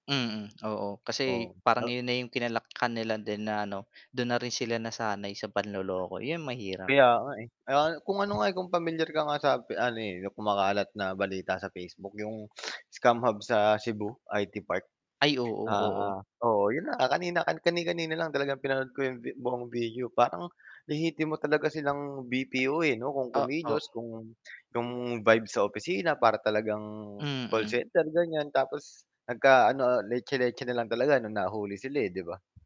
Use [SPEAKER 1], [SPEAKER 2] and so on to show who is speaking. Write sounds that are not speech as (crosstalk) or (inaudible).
[SPEAKER 1] Mm, (clicks tongue) oo, kasi
[SPEAKER 2] O,
[SPEAKER 1] parang
[SPEAKER 2] al
[SPEAKER 1] iyon na 'yung kinalakhan nila din na ano, dun na rin sila nasanay sa panloloko, iyon mahirap.
[SPEAKER 2] Kaya nga, eh, aya nga kung ano nga, eh, kung pamilyar ka nga sa pe ano, eh, kumakalat na balita sa Facebook 'yong (sniffs) scam hub sa Cebu, IT Park.
[SPEAKER 1] Ay oo, oo.
[SPEAKER 2] Ah, oo 'yon na nga kanina, kani-kanina lang talagang pinanood ko 'yong vi buong video, parang lehitimo talaga silang BPO, eh, 'no kung
[SPEAKER 1] Oo.
[SPEAKER 2] kumilos, kung kung vibe sa opisina para talagang call
[SPEAKER 1] Mm.
[SPEAKER 2] center ganiyan, tapos nagka ano, ah, letse-letse na lang talaga nung nahuli sila, eh, 'di ba?